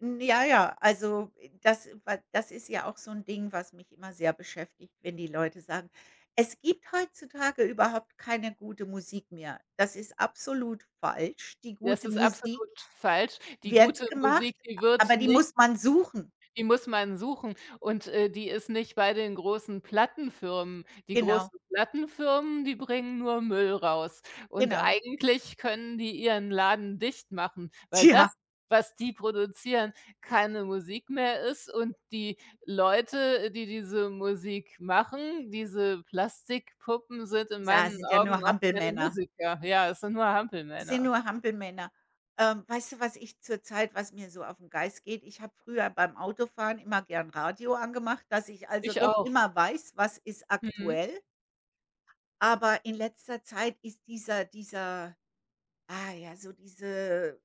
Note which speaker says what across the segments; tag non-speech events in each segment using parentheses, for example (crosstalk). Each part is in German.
Speaker 1: N ja, ja. Also, das wa das ist ja auch so 'n Ding, was mich immer sehr beschäftigt, wenn die Leute sagen: „Es gibt heutzutage überhaupt keine gute Musik mehr.“ Das ist absolut falsch. Die
Speaker 2: Das
Speaker 1: gute
Speaker 2: ist
Speaker 1: Musik
Speaker 2: absolut falsch. Die
Speaker 1: wird
Speaker 2: gute
Speaker 1: gemacht,
Speaker 2: Musik, die wird
Speaker 1: aber die
Speaker 2: nicht
Speaker 1: muss man suchen.
Speaker 2: Die muss man suchen und, äh, die ist nicht bei den großen Plattenfirmen. Die
Speaker 1: Genau.
Speaker 2: großen Plattenfirmen, die bringen nur Müll raus und
Speaker 1: Genau.
Speaker 2: eigentlich können die ihren Laden dicht machen, weil das,
Speaker 1: Tja.
Speaker 2: was die produzieren, keine Musik mehr ist und die Leute, die diese Musik machen, diese Plastikpuppen, sind in
Speaker 1: Ja,
Speaker 2: meinen
Speaker 1: sind ja
Speaker 2: Augen
Speaker 1: nur
Speaker 2: auch keine
Speaker 1: Hampelmänner.
Speaker 2: Musiker. Ja, es sind nur
Speaker 1: Die sind
Speaker 2: Hampelmänner.
Speaker 1: nur Hampelmänner. Ähm, weißt du, was ich zurzeit was mir so auf 'n Geist geht? Ich habe früher beim Autofahren immer gerne Radio angemacht, dass ich, also,
Speaker 2: Ich
Speaker 1: doch
Speaker 2: auch.
Speaker 1: immer weiß: „Was ist
Speaker 2: Mhm.
Speaker 1: aktuell.“ Aber in letzter Zeit ist dieser dieser ah, ja, so diese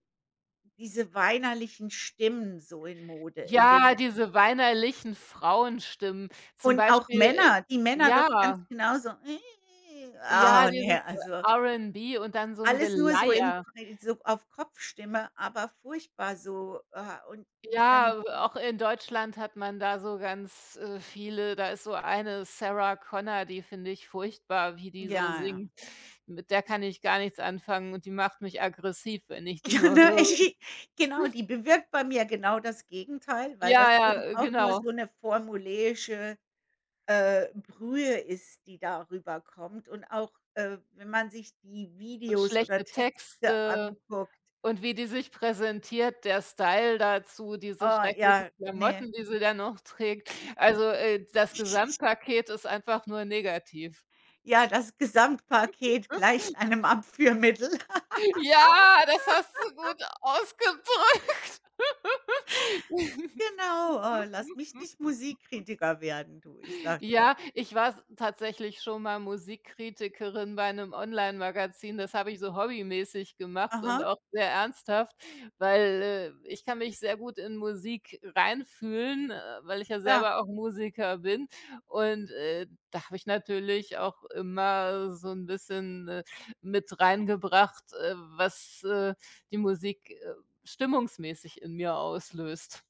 Speaker 1: diese weinerlichen Stimmen so in Mode, in den
Speaker 2: Ja, diese weinerlichen Frauenstimmen. Zum
Speaker 1: Und auch
Speaker 2: Beispiel, äh
Speaker 1: Männer die Männer doch ganz
Speaker 2: ja.
Speaker 1: genauso.
Speaker 2: Ja,
Speaker 1: Ah,
Speaker 2: dieses,
Speaker 1: ne,
Speaker 2: äh,
Speaker 1: also
Speaker 2: R'n'B und dann so 'n
Speaker 1: Alles nur so in
Speaker 2: Geleier.
Speaker 1: (unintelligible) so auf Kopfstimme, aber furchtbar so. Äh, und dann
Speaker 2: Ja, auch in Deutschland hat man da so ganz, äh, viele. Da ist so eine Sarah Connor, die finde ich furchtbar, wie die so
Speaker 1: Ja.
Speaker 2: singt. Mit der kann ich gar nichts anfangen und die macht mich aggressiv, wenn ich die
Speaker 1: Ja,
Speaker 2: nur
Speaker 1: ne?
Speaker 2: höre.
Speaker 1: Genau,
Speaker 2: (snorts)
Speaker 1: die bewirkt bei mir genau das Gegenteil, weil das
Speaker 2: Ja,
Speaker 1: eben
Speaker 2: ja,
Speaker 1: auch nur
Speaker 2: genau.
Speaker 1: so 'ne formuläische, äh, Brühe ist, die da rüberkommt und auch, äh, wenn man sich die Videos oder
Speaker 2: Schlechte
Speaker 1: Texte
Speaker 2: Texte
Speaker 1: anguckt.
Speaker 2: und wie die sich präsentiert, der Style dazu, diese
Speaker 1: Oh
Speaker 2: schrecklichen
Speaker 1: ja, ne.
Speaker 2: Klamotten, die sie dann noch trägt. Also, äh, das
Speaker 1: (giggles)
Speaker 2: Gesamtpaket ist einfach nur negativ.
Speaker 1: Ja, das Gesamtpaket
Speaker 2: (giggles)
Speaker 1: gleicht einem Abführmittel.
Speaker 2: Ja, das hast du
Speaker 1: (laughs)
Speaker 2: gut ausgedrückt. (laughs)
Speaker 1: Genau, oh lass mich nicht Musikkritiker werden, du. Ich sage dir.
Speaker 2: Ja, ich war s tatsächlich schon mal Musikkritikerin bei 'nem Online-Magazin. Das habe ich so hobbymäßig gemacht und
Speaker 1: Aha.
Speaker 2: auch sehr ernsthaft, weil, äh, ich kann mich sehr gut in Musik reinfühlen, äh, weil ich ja
Speaker 1: Ja.
Speaker 2: selber auch Musiker bin und, äh, da habe ich natürlich auch immer so 'n bisschen, äh, mit reingebracht, äh, was, äh, die Musik, äh, stimmungsmäßig in mir auslöst.